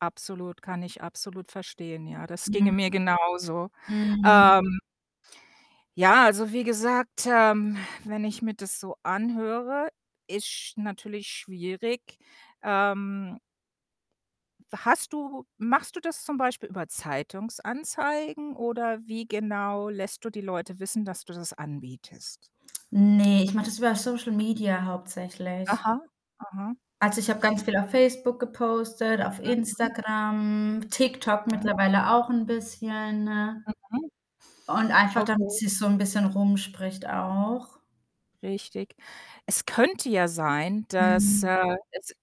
Absolut, kann ich absolut verstehen, ja. Das ginge Mhm. mir genauso. Mhm. Ähm ja, also wie gesagt, ähm, wenn ich mir das so anhöre, ist sch natürlich schwierig. Ähm We hast du machst du das zum Beispiel über Zeitungsanzeigen oder wie genau lässt du die Leute wissen, dass du das anbietest? Ne, ich mache das über Social Media hauptsächlich. Aha, aha. Also, ich habe ganz viel auf Facebook gepostet, auf Mhm. Instagram, TikTok [unintelligible] mittlerweile auch 'n bisschen Mhm. und einfach, Okay. damit sich's so 'n bisschen rumspricht auch. Richtig. Es könnte ja sein, dass, Mhm. äh, es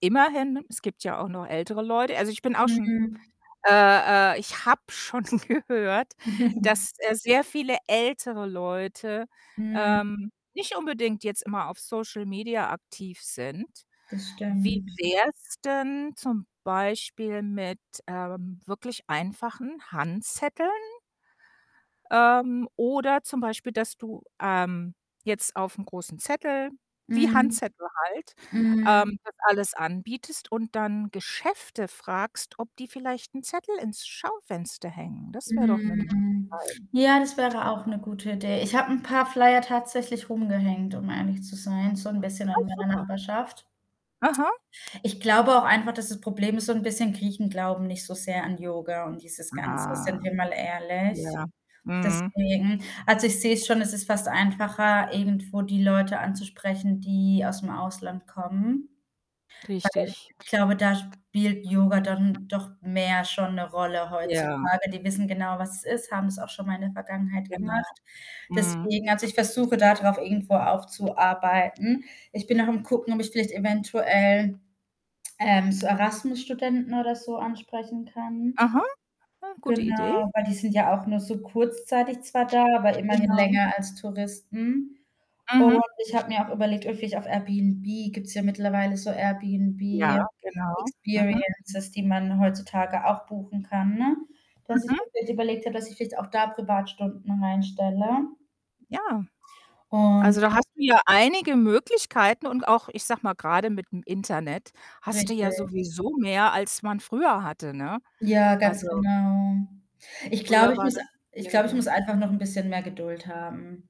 immerhin es gibt ja auch noch ältere Leute also, ich bin auch schon Mhm. äh äh, ich habe schon gehört, dass, äh, sehr viele ältere Leute, Mhm. ähm, nicht unbedingt jetzt immer auf Social Media aktiv sind. Das Wie stimmt. wär's denn zum Beispiel mit, ähm, mit wirklich einfachen Handzetteln? Ähm, oder zum Beispiel, dass du, ähm, jetzt aufm großen Zettel wie Mhm. Handzettel halt, Mhm. ähm, das alles anbietest und dann Geschäfte fragst, ob die vielleicht 'n Zettel ins Schaufenster hängen. Das wär doch 'ne Möglichkeit. Mhm. Ja, das wäre auch 'ne gute Idee. Ich habe 'n paar Flyer tatsächlich rumgehängt, um ehrlich zu sein, so 'n bisschen Ah, in meiner super. Nachbarschaft. Aha. Ich glaube auch einfach, dass das Problem ist, so 'n bisschen Griechen glauben nicht so sehr an Yoga und dieses Ganze, Ah, sind wir mal ehrlich. ja, mhm. Deswegen also, ich sehe es schon, es ist fast einfacher, irgendwo die Leute anzusprechen, die ausm Ausland kommen, weil Richtig. ich glaube, da spielt Yoga dann doch mehr schon 'ne Rolle Ja. heutzutage. Die wissen genau, was es ist, haben's auch schon mal in der Vergangenheit Genau. gemacht. Mhm. Deswegen also, ich versuche da drauf irgendwo aufzuarbeiten. Ich bin noch am Gucken, ob ich vielleicht eventuell, ähm, so Erasmus-Studenten oder so ansprechen kann. Aha, gute Idee. Genau, weil die sind ja auch nur so kurzzeitig zwar da, aber immerhin Genau. länger als Touristen und Mhm. ich habe mir auch überlegt, ob ich auf Airbnb gibt's ja mittlerweile so Ja, Airbnb genau. Mhm. Experiences, die man heutzutage auch buchen kann, ne? Dass ich Mhm. wirklich überlegt habe, dass ich vielleicht auch da Privatstunden reinstelle. Ja, Und also, da gen hast du ja einige Möglichkeiten und auch, ich sage mal, grade mit'm Internet hast du ja Richtig. sowieso mehr, als man früher hatte, ne? Ja, Also ganz genau. Ich glaube, früher ich war muss das ich glaube, ich muss schwieriger. einfach noch 'n bisschen mehr Geduld haben.